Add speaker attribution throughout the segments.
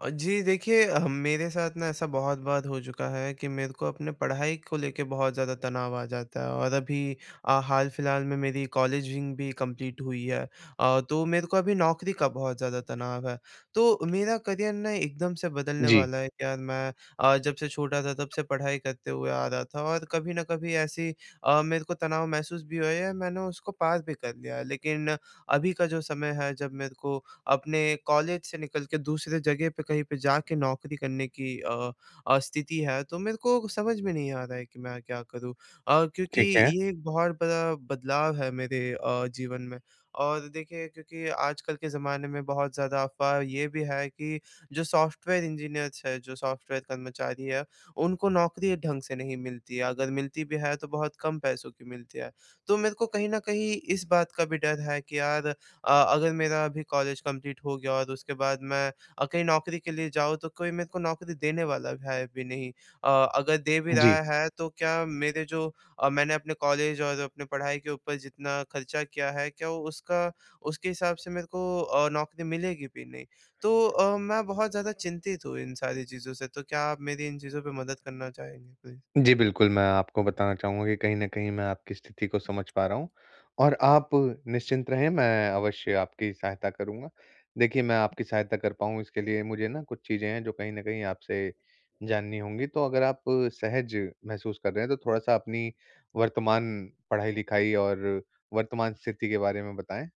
Speaker 1: अ, जी देखिए ह मेरे साथ ना ऐसा बहुत बार हो चुका है कि मेरे को अपने पढ़ाई को लेके बहुत ज़्यादा तनाव आ जाता है। और अभी अ, हाल-फिलहाल में मेरी कॉलेजिंग भी कम्प्लीट हुई है। अ, तो मेरे को अभी नौकरी का बहुत ज़्यादा तनाव है। तो मेरा करियर ना एकदम से बदलने
Speaker 2: जी।
Speaker 1: वाला है कि यार मैं अ, जब से छोटा था तब से पढ़ाई करते हुए आ रहा था और कभी न कभी ऐसी अ, मेरे को तनाव महसूस भी हुआ या मैंने उसको पार भी कर लिया है। लेकिन अभी का जो समय है जब मेरे को अपने कॉलेज से निकल के दूसरे जगह पे कहीं पे जाके नौकरी करने की अ अ, स्थिति है तो मेरे को समझ में नहीं आ रहा है कि मैं क्या करूँ? अ, क्योंकि
Speaker 2: ठीक है।
Speaker 1: ये एक बहुत बड़ा बदलाव है मेरे अ, जीवन में। और देखिए क्योंकि आजकल के ज़माने में बहुत ज़्यादा अफवाह ये भी है कि जो सॉफ्टवेयर इंजीनियर्स हैं, जो सॉफ्टवेयर कर्मचारी है, उनको नौकरी ढंग से नहीं मिलती है। अगर मिलती भी है तो बहुत कम पैसों की मिलती है। तो मेरे को कहीं न कहीं इस बात का भी डर है कि यार अ, अगर मेरा अभी कॉलेज कम्प्लीट हो गया और उसके बाद मैं अ, कहीं नौकरी के लिए जाऊँ तो कोई मेरे को नौकरी देने वाला है भी नहीं। अ, अगर दे भी
Speaker 2: जी।
Speaker 1: रहा है तो क्या मेरे जो अ, मैंने अपने कॉलेज और अपने पढ़ाई के ऊपर जितना खर्चा किया है, क्या उसका उसके हिसाब से मेरे को अ, नौकरी मिलेगी भी नहीं? तो अ, मैं बहुत ज़्यादा चिंतित हूँ इन सारी चीज़ों से। तो क्या आप मेरी इन चीज़ों पे मदद करना चाहेंगे प्लीज?
Speaker 2: जी, बिल्कुल। मैं आपको बताना चाहूँगा कि कहीं न कहीं मैं आपकी स्थिति को समझ पा रहा हूँ। और आप निश्चिंत रहें, मैं अवश्य आपकी सहायता करूँगा। देखिए मैं आपकी सहायता कर पाऊँ इसके लिए मुझे ना कुछ चीज़ें हैं जो कहीं न कहीं आपसे जाननी होंगी। तो अगर आप सहज महसूस कर रहे हैं, तो थोड़ा-सा अपनी वर्तमान पढ़ाई-लिखाई और वर्तमान स्थिति के बारे में बताएँ?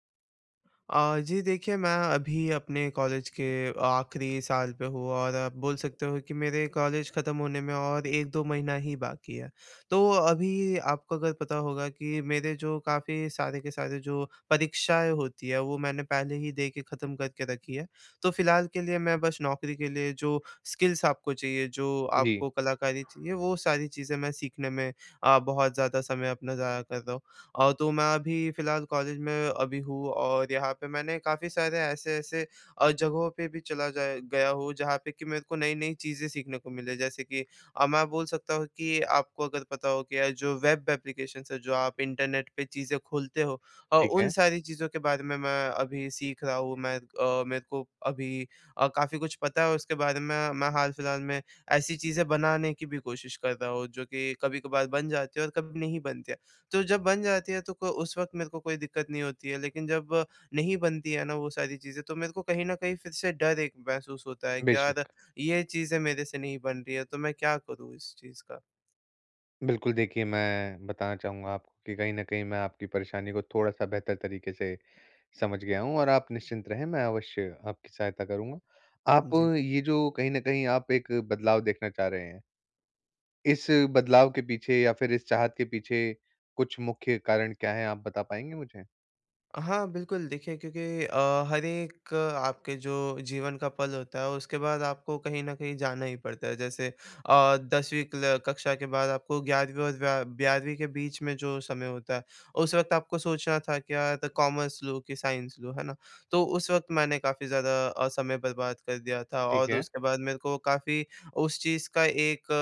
Speaker 1: अ, जी देखिए मैं अभी अपने कॉलेज के आख़िरी साल पे हूँ और आप बोल सकते हो कि मेरे कॉलेज ख़त्म होने में और 1-2 महीना ही बाकी है। तो अभी आपको अगर पता होगा कि मेरे जो काफ़ी सारे के सारे जो परीक्षाएँ होती हैं वो मैंने पहले ही दे के ख़त्म करके रखी है। तो फ़िलहाल के लिए मैं बस नौकरी के लिए जो स्किल्स आपको चाहिए, जो
Speaker 2: जी।
Speaker 1: आपको कलाकारी चाहिए वो सारी चीज़ें मैं सीखने में अ, बहुत ज़्यादा समय अपना ज़ाया कर रहा हूँ। अ, तो मैं अभी फ़िलहाल कॉलेज में अभी हूँ और यहाँ पे मैंने काफ़ी सारे ऐसे-ऐसे अ, जगहों पे भी चला जाया गया हूँ जहाँ पे कि मेरे को नई-नई चीज़ें सीखने को मिलें। जैसे कि अब मैं बोल सकता हूँ कि आपको अगर पता हो कि अ, जो वेब एप्लीकेशन्स हैं, जो आप इंटरनेट पे चीज़ें खोलते हो और
Speaker 2: ठीक
Speaker 1: उन
Speaker 2: है।
Speaker 1: सारी चीज़ों के बारे में, मैं अभी सीख रहा हूँ। मैं अ, मेरे को अभी अ, काफ़ी कुछ पता है उसके बारे में। मैं हाल-फ़िलहाल में ऐसी चीज़ें बनाने की भी कोशिश कर रहा हूँ जो कि कभी-कभार बन जाती हैं और कभी नहीं बनती हैं। तो जब बन जाती है तो क उस वक़्त मेरे को कोई दिक्कत नहीं होती है लेकिन जब नहीं बनती हैं ना, वो सारी चीज़ें तो मेरे को कहीं न कहीं फिर से डर एक महसूस होता है कि
Speaker 2: बेशक।
Speaker 1: यार ये चीज़ें मेरे से नहीं बन रही है तो मैं क्या करूँ इस चीज़ का?
Speaker 2: बिल्कुल देखिए, मैं बताना चाहूँगा आपको कि कहीं न कहीं मैं आपकी परेशानी को थोड़ा-सा बेहतर तरीक़े से समझ गया हूँ और आप निश्चिंत रहें, मैं अवश्य आपकी सहायता करूँगा। आप
Speaker 1: जी।
Speaker 2: ये जो कहीं न कहीं आप एक बदलाव देखना चाह रहे हैं। इस बदलाव के पीछे या फिर इस चाहत के पीछे कुछ मुख्य कारण क्या है? आप बता पाएँगी मुझे?
Speaker 1: हाँ। बिल्कुल देखिए क्योंकि अ, हर एक अ, आपके जो जीवन का पल होता है उसके बाद आपको कहीं न कहीं जाना ही पड़ता है। जैसे अ, 10वीं क्ला कक्षा के बाद आपको 11वीं और व 12वीं के बीच में जो समय होता है उस वक़्त आपको सोचना था क्या द कॉमर्स लूँ, कि साइंस लूँ, है ना? तो उस वक़्त मैंने काफ़ी ज़्यादा अ, समय बर्बाद कर दिया था
Speaker 2: ठीक
Speaker 1: और
Speaker 2: है।
Speaker 1: उसके बाद मेरे को काफ़ी उस चीज़ का एक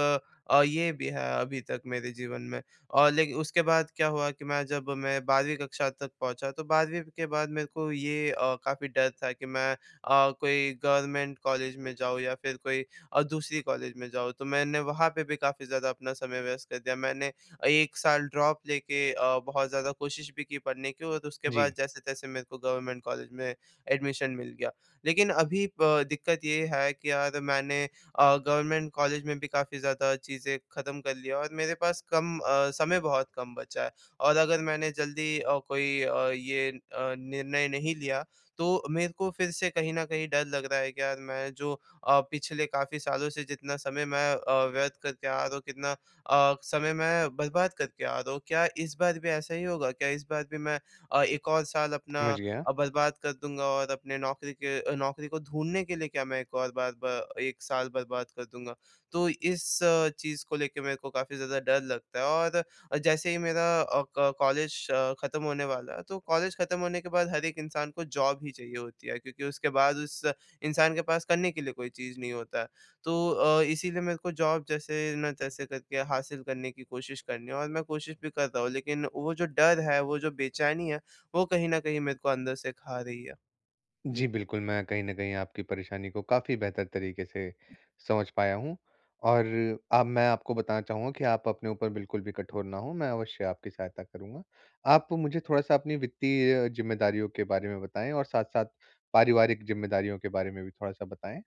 Speaker 1: अ, ये भी है अभी तक मेरे जीवन में। और लेकिन उसके बाद क्या हुआ कि मैं जब मैं 12वीं कक्षा तक पहुँचा तो 12वीं के बाद मेरे को ये अ, काफ़ी डर था कि मैं अ, कोई गवर्नमेंट कॉलेज में जाऊँ या फ़िर कोई और अ, दूसरी कॉलेज में जाऊँ। तो मैंने वहाँ पे भी क़ाफी ज़्यादा अपना समय व्यस्त कर दिया मैंने 1 साल ड्रॉप लेके अ, बहुत ज़्यादा कोशिश भी की पढ़ने की और उसके बाद
Speaker 2: जी।
Speaker 1: जैसे-तैसे मेरे को गवर्नमेंट कॉलेज में एडमिशन मिल गया। लेकिन अभी प दिक्कत ये है कि यार! मैंने अ, गवर्नमेंट कॉलेज में भी क़ाफी ज़्यादा चीज़ें ख़त्म कर लिया और मेरे पास कम अ, समय बहुत कम बचा है। और अगर मैंने जल्दी अ, कोई अ, ये अ, निर्णय नहीं लिया तो मेरे को फ़िर से कहीं न कहीं डर लग रहा है कि यार मैं जो अ, पिछले क़ाफी सालों से जितना समय मैं अ, व्यर्थ करके आ रहा हूँ। कितना अ, समय मैं बर्बाद करके आ रहा हूँ। क्या इस बार भी ऐसा ही होगा क्या इस बार भी मैं अ, 1 और साल अपना
Speaker 2: समझ गया।
Speaker 1: अ, बर्बाद कर दूँगा? और अपने नौकरी के नौकरी को ढूँढने के लिए क्या मैं एक और बार, ब 1 साल बर्बाद कर दूँगा? तो इस चीज़ को लेके मेरे को क़ाफी ज़्यादा डर लगता है और जैसे ही मेरा अ, क कॉलेज ख़त्म होने वाला है तो कॉलेज ख़त्म होने के बाद हर एक इंसान को जॉब ही चाहिए होती है। क्योंकि उसके बाद उस इंसान के पास करने के लिए कोई चीज़ नहीं होता है। तो अ, इसीलिए मेरे को जॉब जैसे ना तैसे करके हासिल करने की कोशिश करनी है और मैं कोशिश भी करता हूँ। लेकिन वो जो डर है, वो जो बेचैनी है, वो कहीं न कहीं मेरे को अंदर से खा रही है।
Speaker 2: जी।
Speaker 1: जी।
Speaker 2: बिल्कुल, मैं कहीं न कहीं आपकी परेशानी को काफ़ी बेहतर तरीक़े से समझ पाया हूँ। और अब मैं आपको बताना चाहूँगा कि आप अपने ऊपर बिल्कुल भी कठोर ना हो मैं अवश्य आपकी सहायता करूँगा। आप मुझे थोड़ा-सा अपनी वित्तीय ज़िम्मेदारियों के बारे में बताएँ और साथ-साथ पारिवारिक ज़िम्मेदारियों के बारे में भी थोड़ा-सा बताएँ?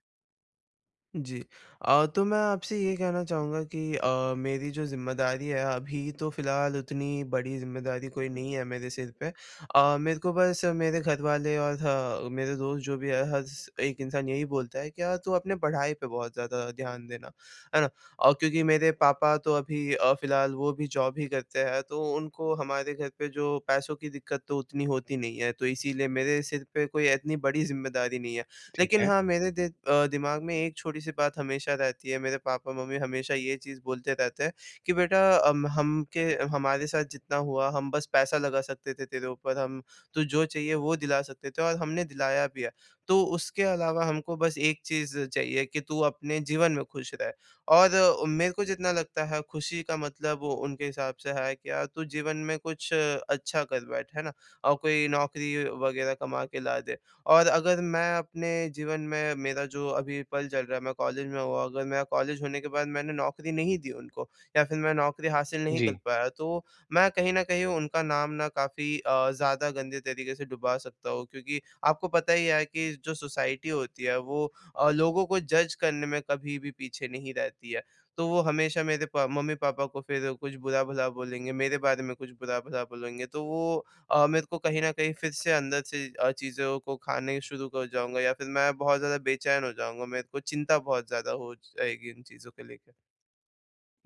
Speaker 1: जी। अ, तो मैं आपसे ये कहना चाहूँगा कि अ, मेरी जो ज़िम्मेदारी है अभी तो फ़िलहाल उतनी बड़ी ज़िम्मेदारी कोई नहीं है मेरे सिर पे। अ, मेरे को बस मेरे घर वाले और ह मेरे दोस्त जो भी है, हर एक इंसान यही बोलता है कि यार तू अपनी पढ़ाई पे बहुत ज़्यादा ध्यान देना है ना। अ, क्योंकि मेरे पापा तो अभी अ, फ़िलहाल वो भी ज़ॉब ही करते हैं तो उनको हमारे घर पे जो पैसों दिक्कत तो उतनी होती नहीं है। तो इसीलिए मेरे सिर पे कोई इतनी बड़ी ज़िम्मेदारी नहीं है।
Speaker 2: ठीक
Speaker 1: लेकिन
Speaker 2: है।
Speaker 1: हाँ, मेरे द अ, दिमाग़ में एक छोटी-सी बात हमेशा रहती है, मेरे पापा-मम्मी हमेशा ये चीज़ बोलते रहते हैं कि बेटा अम हम के हमारे साथ जितना हुआ हम बस पैसा लगा सकते थे तेरे ऊपर, हम तू जो चाहिए वो दिला सकते थे और हमने दिलाया भी है। तो उसके अलावा हमको बस एक चीज़ चाहिए कि तू अपने जीवन में खुश रह। और मेरे को जितना लगता है खुशी का मतलब वो उनके हिसाब से है क्या, तू जीवन में कुछ अच्छा कर बैठ। है ना? और कोई नौकरी वग़ैरह कमा के ला दे और अगर मैं अपने जीवन में, मेरा जो अभी पल चल रहा है, मैं कॉलेज में हूँ अगर मेरा कॉलेज होने के बाद मैंने नौकरी नहीं दी उनको या फिर मैं नौकरी हासिल नहीं कर
Speaker 2: जी।
Speaker 1: पाया तो मैं कहीं न कहीं उनका नाम न काफ़ी अ, ज़्यादा गंदे तरीक़े से डुबा सकता हूँ क्योंकि आपको पता ही है कि जो सोसाइटी होती है वो अ, लोगों को जज करने में कभी भी पीछे नहीं रहती है। तो वो हमेशा मेरे प मम्मी-पापा को फिर कुछ बुरा-भला बोलेंगे, मेरे बारे में कुछ बुरा-भला बोलेंगे। तो वो अ, मेरे को कहीं न कहीं फिर से अंदर से अ, चीज़ों को खाने शुरू कर जाऊँगा या फिर मैं बहुत ज़्यादा बेचैन हो जाऊँगा। मेरे को चिंता बहुत ज़्यादा हो जाएगी इन चीज़ों को लेकर।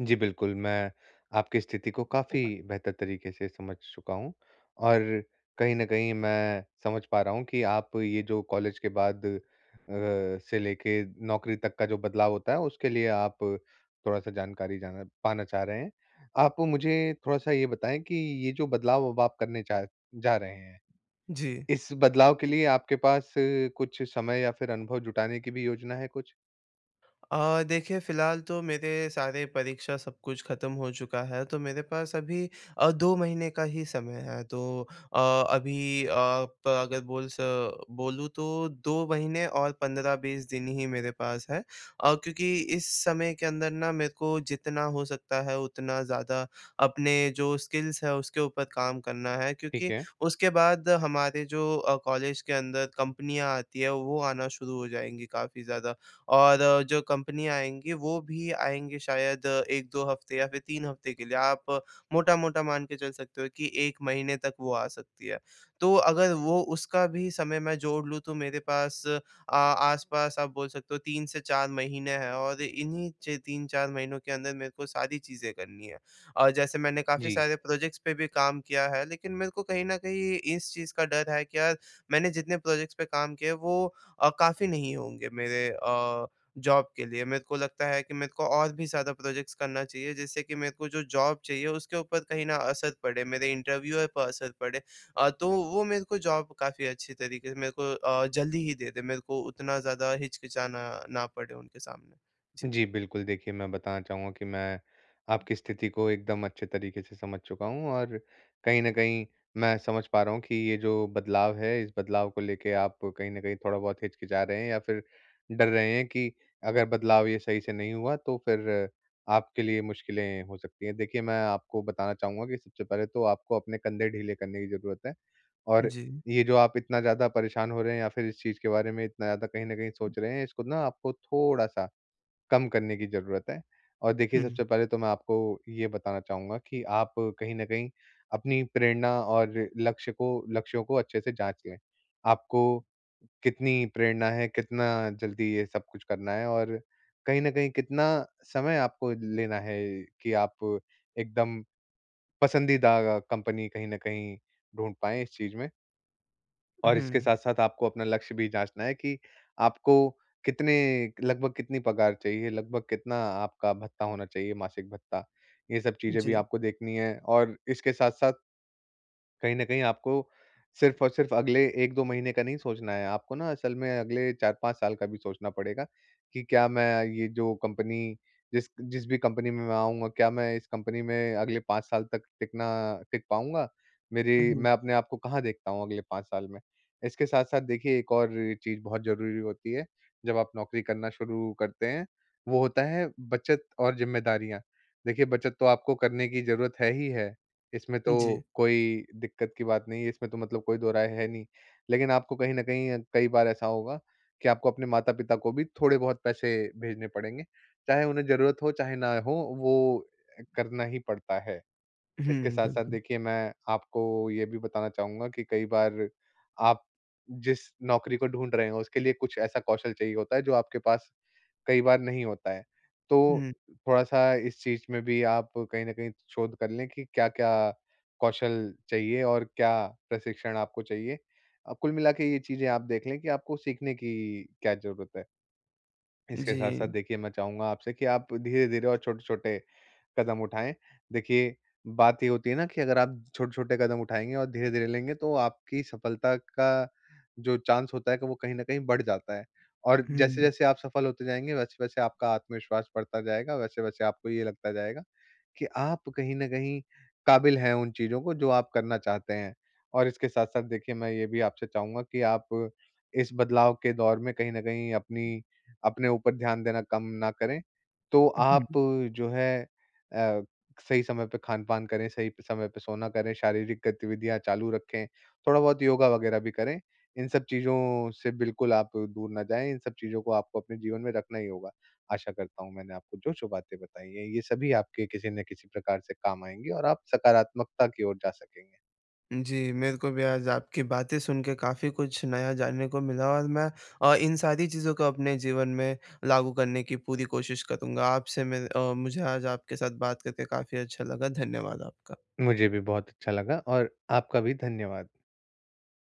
Speaker 2: जी, बिल्कुल। मैं, आपकी स्थिति को काफ़ी बेहतर तरीके से समझ चुका हूँ और कहीं न कहीं मैं समझ पा रहा हूँ कि आप ये जो कॉलेज के बाद अ, से लेके नौकरी तक का जो बदलाव होता है, उसके लिए आप थोड़ा-सा जानकारी जाना पाना चाह रहे हैं। आपको मुझे थोड़ा-सा ये बताएँ कि ये जो बदलाव अब आप करने चा जा रहे हैं,
Speaker 1: जी।
Speaker 2: इस बदलाव के लिए आपके पास कुछ समय या फिर अनुभव जुटाने की भी योजना है कुछ?
Speaker 1: अ, देखिए, फिलहाल तो मेरे सारे परीक्षा, सब कुछ खत्म हो चुका है, तो मेरे पास अभी अ, 2 महीने का ही समय है, तो अ, अभी अ, प अगर बोल स बोलूँ, तो 2 महीने और 15-20 दिन ही मेरे पास हैं अ, क्योंकि इस समय के अंदर ना, मेरे को जितना हो सकता है, उतना ज़्यादा अपने जो स्किल्स हैं, उसके ऊपर काम करना है,
Speaker 2: ठीक
Speaker 1: क्योंकि
Speaker 2: है।
Speaker 1: उसके बाद हमारे जो अ, कॉलेज के अंदर कंपनियाँ आती हैं, वो आना शुरू हो जाएँगी काफ़ी ज़्यादा और जो कंपनियाँ आएँगी, वो भी आएँगे शायद 1-2 हफ़्ते या फिर 3 हफ़्ते के लिए। आप मोटा-मोटा मान के चल सकते हो कि 1 महीने तक वो आ सकती है। तो अगर वो उसका भी समय मैं जोड़ लूँ, तो मेरे पास आ आस-पास आप बोल सकते हो, 3 से 4 महीने हैं और इन्हीं च 3-4 महीनों के अंदर मेरे को सारी चीज़ें करनी हैं और जैसे मैंने काफ़ी
Speaker 2: जी।
Speaker 1: सारे प्रोजेक्ट्स पे भी काम किया है, लेकिन मेरे को कहीं न कहीं इस चीज़ का डर है कि यार, मैंने जितने प्रोजेक्ट्स पे काम किया है, वो अ, काफ़ी नहीं होंगे, मेरे अ, जॉब के लिए। मेरे को लगता है कि मेरे को और भी ज़्यादा प्रोजेक्ट्स करना चाहिए, जिससे कि मेरे को जो जॉब चाहिए, उसके ऊपर कहीं न असर पड़े, मेरे इंटरव्यूवर पर असर पड़े अ, तो वो मेरे को जॉब काफ़ी अच्छी तरीके से मेरे को अ, जल्दी ही दे दे, मेरे को उतना ज़्यादा हिचकिचाना ना पड़े उनके सामने। जी।
Speaker 2: जी, बिल्कुल। देखिए, मैं बताना चाहूँगा कि मैं आपकी स्थिति को एकदम अच्छे तरीके से समझ चुका हूँ और कहीं न कहीं, मैं समझ पा रहा हूँ कि ये जो बदलाव है, इस बदलाव को लेके आप कहीं न कहीं थोड़ा-बहुत हिचकिचा रहे हैं या फिर डर रहे हैं कि, अगर बदलाव ये सही से नहीं हुआ, तो फिर आपके लिए मुश्किलें हो सकती हैं। देखिए, मैं आपको बताना चाहूँगा कि सबसे पहले तो आपको अपने कंधे ढीले करने की ज़रूरत है और
Speaker 1: जी।
Speaker 2: ये जो आप इतना ज़्यादा परेशान हो रहे हैं या फिर इस चीज़ के बारे में इतना ज़्यादा कहीं न कहीं सोच रहे हैं, इसको ना आपको थोड़ा-सा कम करने की ज़रूरत है और देखिए,
Speaker 1: हुँ।
Speaker 2: सबसे पहले तो मैं आपको ये बताना चाहूँगा कि आप कहीं न कहीं अपनी प्रेरणा और लक्ष्य को लक्ष्यों को अच्छे से जाँच लें। आपको कितनी प्रेरणा है, कितना जल्दी ये सब कुछ करना है और कहीं न कहीं कितना समय आपको लेना है कि आप एकदम, पसंदीदा कंपनी कहीं न कहीं ढूँढ पाए इस चीज़ में।
Speaker 1: उ,
Speaker 2: और इसके
Speaker 1: हुँ।
Speaker 2: साथ-साथ आपको अपना लक्ष्य भी जाँचना है कि आपको कितने एक लगभग कितनी पगार चाहिए, लगभग कितना आपका भत्ता होना चाहिए, मासिक भत्ता? ये सब चीज़े भी
Speaker 1: जी।
Speaker 2: आपको देखनी है और इसके साथ-साथ कहीं न कहीं आपको सिर्फ़ और सिर्फ़ अगले 1-2 महीने का नहीं सोचना है, आपको ना असल में अगले 4-5 साल का भी सोचना पड़ेगा कि, "क्या मैं ये जो कंपनी, जिस क जिस भी कंपनी में मैं आऊँगा, क्या मैं इस कंपनी में अगले 5 साल तक टिकना टिक पाऊँगा?
Speaker 1: उ,
Speaker 2: मेरी
Speaker 1: हुँ।
Speaker 2: मैं अपने आप को कहाँ देखता हूँ अगले 5 साल में?" इसके साथ-साथ, देखिए, एक और चीज़ बहुत ज़रूरी होती है, जब आप नौकरी करना शुरू करते हैं, वो होता है, बचत और ज़िम्मेदारियाँ। देखिए, बचत तो आपको करने की जरूरत है ही है, इसमें तो
Speaker 1: जी।
Speaker 2: कोई दिक्कत की बात नहीं है, इसमें तो मतलब कोई दोहराय है नहीं। लेकिन आपको कहीं न कहीं, कई बार ऐसा होगा कि आपको अपने माता-पिता को भी थोड़े-बहुत पैसे भेजने पड़ेंगे, चाहे उन्हें ज़रूरत हो, चाहे ना हो, वो अ, करना ही पड़ता है। इसके
Speaker 1: हुँ,
Speaker 2: साथ-साथ
Speaker 1: बिल्कुल।
Speaker 2: देखिए, मैं आपको ये भी बताना चाहूँगा कि कई बार आप जिस नौकरी को ढूँढ रहे हो, उसके लिए कुछ ऐसा कौशल चाहिए होता है, जो आपके पास कई बार नहीं होता है। तो
Speaker 1: हुँ।
Speaker 2: थोड़ा-सा इस चीज़ में भी आप कहीं न कहीं शोध कर लें कि क्या-क्या कौशल चाहिए और क्या प्रशिक्षण आपको चाहिए। अ, कुल मिला के ये चीज़ें आप देख लें कि आपको सीखने की क्या ज़रूरत है? इसके साथ-साथ,
Speaker 1: जी।
Speaker 2: देखिए, मैं चाहूँगा आपसे कि आप धीरे-धीरे और छोटे-छोटे कदम उठाएँ। देखिए, बात ये होती है ना, कि अगर आप छोटे-छोटे कदम उठाएँगे और धीरे-धीरे लेंगे, तो आपकी सफलता का जो चांस होता है, क वो कहीं न कहीं बढ़ जाता है, और
Speaker 1: हुँ।
Speaker 2: जैसे-जैसे आप सफल होते जाएँगे, वैसे-वैसे आपका आत्मविश्वास बढ़ता जाएगा, वैसे-वैसे आपको ये लगता जाएगा कि आप कहीं न कहीं काबिल हैं उन चीज़ों को, जो आप करना चाहते हैं। और इसके साथ-साथ, देखिए, मैं ये भी आपसे चाहूँगा कि आप इस बदलाव के दौर में कहीं न कहीं अपनी अपने ऊपर ध्यान देना कम ना करें, तो आप
Speaker 1: उहुँ।
Speaker 2: जो है अ, सही समय पे खान-पान करें, सही समय पे सोना करें, शारीरिक गतिविधियाँ चालू रखें, थोड़ा-बहुत योगा वग़ैरह भी करें। इन सब चीज़ों से बिल्कुल आप दूर ना जाएँ, इन सब चीज़ों को आपको अपने जीवन में रखना ही होगा। आशा करता हूँ, मैंने आपको जो-जो बातें बताई हैं, ये सभी आपके किसी न किसी प्रकार से काम आएँगी और आप सकारात्मकता की ओर जा सकेंगे।
Speaker 1: जी, मेरे को भी आज आपकी बातें सुन के काफ़ी कुछ नया जानने को मिला और मैं अ, इन सारी चीज़ों को अपने जीवन में लागू करने की पूरी कोशिश करूँगा। आपसे मिल अ, मुझे आज आपके साथ बात करके काफ़ी अच्छा लगा, धन्यवाद आपका।
Speaker 2: मुझे भी बहुत अच्छा लगा और आपका भी धन्यवाद।